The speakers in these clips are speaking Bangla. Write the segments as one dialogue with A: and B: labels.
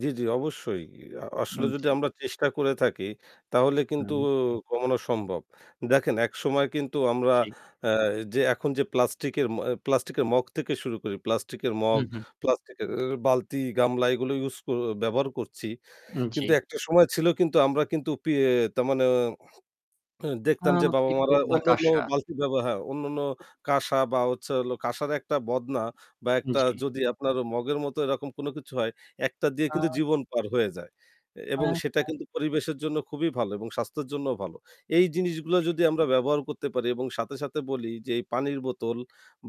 A: জ্বি, জ্বি। অবশ্যই, আ আসলে
B: আন
A: যদি
B: জি।
A: আমরা চেষ্টা করে থাকি তাহলে কিন্তু
B: হুম।
A: অ কমানো সম্ভব। দেখেন একসময় কিন্তু আমরা
B: জি।
A: এ যে এখন যে প্লাস্টিকের ম প্লাস্টিকের মগ থেকে শুরু করে প্লাস্টিকের মগ,
B: হুম, হুম।
A: প্লাস্টিকের এ বালতি, গামলা এগুলো ইউজ ক ব্যবহার করছি
B: উম জ্বি।
A: কিন্তু একটা সময় ছিল কিন্তু আমরা কিন্তু পিয়ে তার মানে
B: আ
A: দেখতাম যে
B: পিতল
A: বাবা-মারা
B: বা
A: অন্যান্য
B: কাশা।
A: বালতি ব্যবহার হ্যাঁ, অন্যান্য কাশা বা হচ্ছে হলো কাশার একটা বদনা বা একটা
B: জ্বী।
A: যদি আপনার মগের মতো এরকম কোন কিছু হয় একটা দিয়ে
B: আ
A: কিন্তু জীবন পার হয়ে যায়। এ এবং
B: হ্যাঁ।
A: সেটা কিন্তু পরিবেশের জন্য খুবই ভালো এবং স্বাস্থ্যের জন্যও ভালো। এই
B: জী।
A: জিনিসগুলা যদি আমরা ব্যবহার করতে পারি এবং সাথে, সাথে বলি যে এই পানির বোতল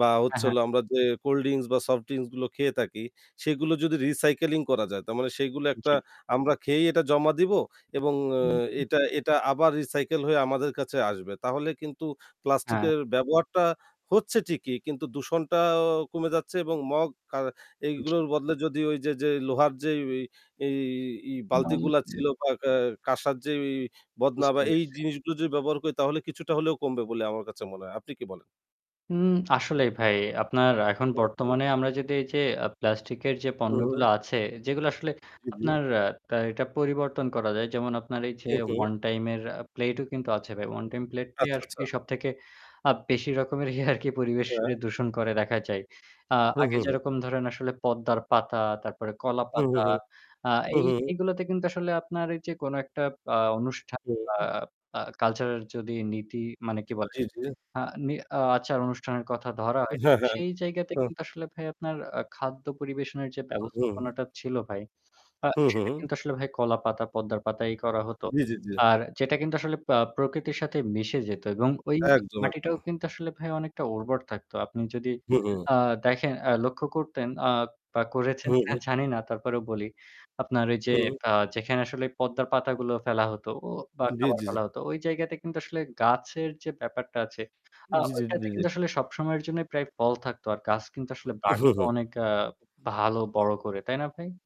A: বা
B: হ্যাঁ,
A: হচ্ছে
B: হ্যাঁ।
A: হলো আমরা যে কোল্ড ড্রিংকস বা সফট ড্রিংকস গুলো খেয়ে থাকি সেগুলো যদি recycling করা যায় তার মানে সেগুলো একটা
B: জী।
A: আমরা খেয়েই এটা জমা দিব এবং অ
B: উ হুম।
A: এটা এটা আবার recycle হয়ে আমাদের কাছে আসবে। তাহলে কিন্তু
B: হ্যাঁ।
A: প্লাস্টিকের ব্যবহারটা হচ্ছে ঠিকই। কিন্তু দূষণটা আ কমে যাচ্ছে এবং মগ আ
B: জী।
A: এগুলোর বদলে যদি ওইযে যে লোহার যে ইয়ে এ এই বালতিগুলা
B: [unintelligible]
A: ছিল বা কা কাসার এই যে বদনা
B: বুঝতে
A: বা এই
B: পারছি।
A: জিনিসগুলো যদি ব্যবহার করি তাহলে কিছুটা হলেও কমবে বলে আমার কাছে মনে হয়। আপনি কি বলেন?
B: উম আসলেই ভাই আপনার এখন
A: [unintelligible]
B: বর্তমানে আমরা যদি এই যে আ প্লাস্টিকের যে
A: হু, হু।
B: পণ্যগুলো আছে, যেগুলো আসলে
A: জী, জী।
B: আপনার আ এটা পরিবর্তন করা যায়। যেমন আপনার এই যে
A: হু, হু।
B: one time এর আ প্লেটও কিন্তু আছে ভাই। One time প্লেট দিয়ে
A: আচ্ছা,
B: আর
A: আচ্ছা।
B: কি সবথেকে আপ বেশি রকমের আরকি
A: হ্যাঁ।
B: পরিবেশকে দূষণ করে দেখা যায়। আ
A: হু,
B: আগে
A: হু, হু।
B: যেরকম ধরেন আসলে পদ্মার পাতা, তারপরে
A: হুম, হুম,
B: কলাপাতা
A: হুম।
B: আ
A: হুম,
B: এই
A: হুম।
B: এগুলোতে কিন্তু আসলে আপনার এই যে কোনো একটা বা অনুষ্ঠান
A: হুম,
B: বা
A: হু।
B: আ কালচারাল যদি নীতি মানে কি বলে?
A: জ্বী, জ্বী।
B: আ নি আচার অনুষ্ঠানের কথা ধরা হয়।
A: হ্যাঁ, হ্যাঁ।
B: সেই জায়গাতে
A: হুম।
B: কিন্তু আসলে ভাই আপনার আ খাদ্য পরিবেশনের যে
A: হুম।
B: ব্যবস্থাপনাটা ছিল ভাই। আ
A: হু,
B: সেটা
A: হু।
B: কিন্তু আসলে ভাই কলাপাতা, পদ্মার পাতা এই করা হতো।
A: জ্বী, জ্বী, জ্বী।
B: আর যেটা কিন্তু আসলে পা প্রকৃতির সাথে মিশে যেত এবং ওইযে
A: একদম,
B: মাটিটাও
A: একদম।
B: কিন্তু আসলে ভাই অনেকটা উর্বর থাকত। আপনি যদি
A: হু, হু।
B: আ দেখেন আ লক্ষ্য করতেন আ বা করেছেন
A: হুম, হুম।
B: কিনা জানি না। তারপরেও বলি আপনার ওই যে
A: হুম।
B: কা যেখানে আসলে পদ্মার পাতাগুলো ফেলা হতো অ বা
A: জ্বী,
B: খাবার
A: জ্বী,
B: ফেলা
A: জ্বী।
B: হতো ওই জায়গাতে কিন্তু আসলে গাছের যে ব্যাপারটা আছে আ
A: জী, জী,
B: ঐটাতে
A: জী, জী।
B: কিন্তু আসলে সবসময়ের জন্যই প্রায় ফল থাকতো। আর গাছ কিন্তু
A: উম
B: আসলে
A: উহু,
B: বাড়তো
A: হু।
B: অনেক আ ভালো বড় করে। তাই না ভাই?